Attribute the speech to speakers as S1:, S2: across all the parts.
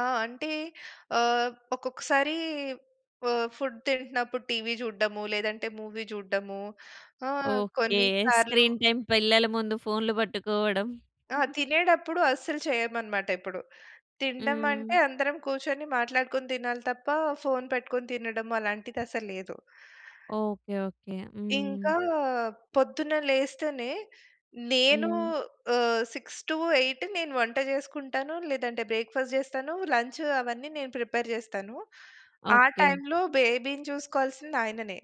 S1: ఆ! అంటే, ఆహ్, ఒక్కొక్కసారీ వ ఫుడ్ తింటన్నప్పుడు టీవీ జూడడము, లేదంటే మూవీ జూడడము, ఆహ్,
S2: ఓకే.
S1: కొన్నిసార్లు
S2: స్క్రీన్ టైమ్ పిల్లల ముందు ఫోన్‌లు పట్టుకోవడం.
S1: ఆ! తినేడప్పుడు అస్సలు చెయ్యమనమాటెప్పుడు.
S2: హ్మ్.
S1: తిండమంటే అందరం కూర్చొని మాట్లాడుకొని తినాలి తప్పా, ఫోన్ పెట్టుకొని తినడం అలాంటిదసలు లేదు.
S2: ఓకే. ఓకే. హ్మ్.
S1: ఇంకా, పొద్దున్న లేస్తేనే, నేనూ
S2: హ్మ్.
S1: ఆహ్, 6-8 నేను వంట జేసుకుంటాను, లేదంటే బ్రేక్‌ఫాస్ట్ జేస్తాను, లంచ్ అవన్నీ నేను ప్రిపేర్ జేస్తాను. ఆ
S2: ఓకే.
S1: టైమ్‌లో బేబీని చూసుకోవాల్సింది ఆయననే.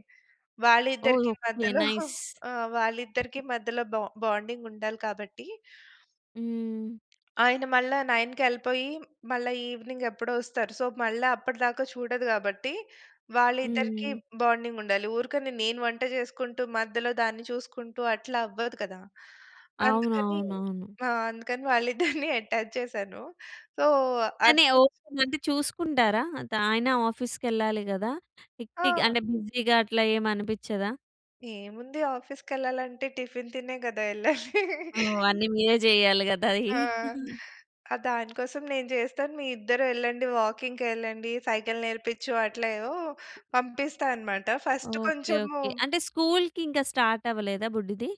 S2: ఓల్
S1: వాళ్ళిద్దరికీ
S2: ఓకే.
S1: మధ్యలో
S2: నైస్.
S1: ఆ! వాళ్ళిద్దరికీ మధ్యలో బ బాండింగుండాలి కాబట్టి
S2: హ్మ్.
S1: ఆయన మళ్ళా 9కి యెళ్ళిపోయి, మళ్ళా ఈవినింగ్ ఎప్పుడో వస్తారు. సో, మళ్ళా అప్పడదాకా చూడదు గాబట్టి, వాళ్ళిద్దరికీ
S2: హ్మ్.
S1: బాండింగుండాలి. ఊరకనే నేను వంట జేసుకుంటూ మధ్యలో దాన్ని చూసుకుంటూ అట్లా అవ్వదు కదా! అందుకనీ
S2: అవునవునవును.
S1: ఆ! అందుకని వాళ్ళిద్దరిని అటాచ్ చేశాను. సో, అది
S2: తనే
S1: కొంచ్
S2: ఓకేన? అంటే, చూసుకుంటారా? అత్ ఆయన ఆఫీస్‌కెళ్లాలి గదా! హెక్టిక్
S1: ఆ!
S2: అంటే, బిజీగా అట్లా ఏమనిపిచ్చదా?
S1: ఏముంది, ఆఫీస్‌కెళ్ళాలంటే టిఫిన్ తినే గదా! యెళ్ళాలి.
S2: ఓహ్! అన్ని మీరే జెయ్యాలి గదా! అయి.
S1: ఆ! ఆహ్, దాని కోసం నేను జేస్తాను, మీ ఇద్దరెళ్ళండి, వాకింగ్‌కెళ్ళండి, సైకిల్ నేర్పిచ్చు, అట్లేవో పంపిస్తా అనమాట. First
S2: okay.
S1: కొంచము
S2: ఓకే. అంటే స్కూల్‌కి ఇంక స్టార్టవ్వలేదా బుడ్డిది?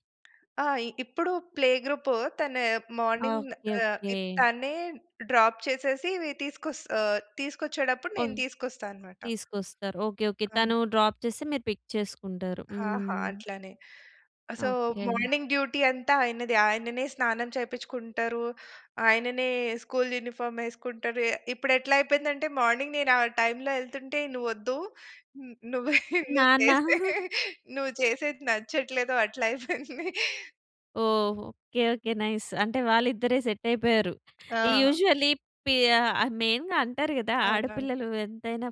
S1: ఆ! ఇ ఇప్పుడు ప్లే‌ గ్రూప్ తన మార్నింగ్
S2: ఓకే.
S1: Ah,
S2: okay.
S1: ఇప్ తనే డ్రాప్ చేసేసీ, వి తీసుకొస్ ఆహ్, తీసుకొచ్చేడప్పుడు నేను
S2: ఓహ్!
S1: తీసుకొస్తా అనమాట.
S2: తీసుకొస్తారు. ఓకే. ఓకే.
S1: అవును.
S2: తనూ డ్రాప్ చేస్తే, మీరు పిక్ చేసుకుంటారు.
S1: ఆ! ఆ!
S2: హ్మ్.
S1: అట్లానే. So,
S2: okay.
S1: మార్నింగ్ డ్యూటీ అంతా ఆయనదే. ఆయననే స్నానం చేపిచ్చుకుంటరు, ఆయననే స్కూల్ యూనిఫార్మ్ యేసుకుంటరు. ఎ ఇప్పుడెట్లయిపోయిందంటే, మార్నింగ్ నేను ఆ టైమ్‌లో యెళ్తుంటే, "నువ్వు ఒద్దు. న్ నువ్వే, నువ్వు
S2: నాన్న.
S1: చేసే నువ్వు చేసేది నచ్చట్లేదు" అట్లయిపోయింది.
S2: ఓహో! ఓకే. ఓకే. నైస్. అంటే, వాళ్ళిద్దరే సెట్టైపోయారు. ఈ
S1: ఆ!
S2: యూజువల్లీ పి ఆహ్, ఆహ్, మెయిన్‌గా అంటారు గదా,
S1: అవునవును.
S2: ఆడపిల్లలు ఎంతైనా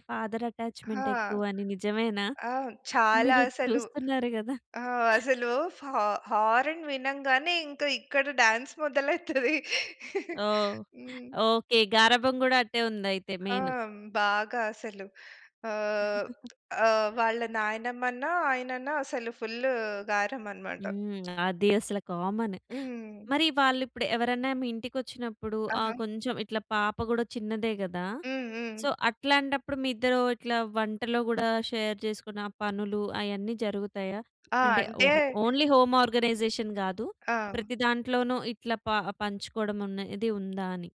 S1: ఆ!
S2: ఫాదరటాచ్‌మెంటెక్కువని, నిజమేనా?
S1: ఆ! చాలా
S2: మీరు
S1: అసలు.
S2: చూస్తున్నారు గదా!
S1: ఆ! అసలు ఫా హారన్‌ వినంగానే, ఇంక ఇక్కడ డాన్స్ మొదలైతది.
S2: ఓహ్!
S1: హ్మ్.
S2: ఓకే. గారాబం గూడా అట్టే ఉందయితే
S1: ఆ!
S2: మెయిను.
S1: బాగా అసలు. ఆహ్, ఆహ్, వాళ్ళ నాయనమ్మన్నా, ఆయనన్నా అసలు ఫుల్లు గారం అనమాట.
S2: హ్మ్. అది అసల కామన్.
S1: హ్మ్.
S2: మరి వాళ్ళిప్పుడు ఎవరన్నా మీ ఇంటికొచ్చినప్పుడు, ఆహ్,
S1: ఆహా!
S2: కొంచం ఇట్ల పాప గూడా చిన్నదే గదా!
S1: హ్మ్. హ్మ్.
S2: సో, అట్లాంటప్పుడు, మీ ఇద్దరూ ఇట్లా వంటలో గూడా షేర్ చేసుకున్న పనులు అయన్నీ జరుగుతాయా?
S1: ఆ!
S2: అంటే
S1: అంటే
S2: ఓహో! ఓన్లీ హోమ్ ఆర్గనైజేషన్ కాదు,
S1: ఆ!
S2: ప్రతి దాంట్లోనూ ఇట్లా ప పంచుకోడమనేది ఉందా అని?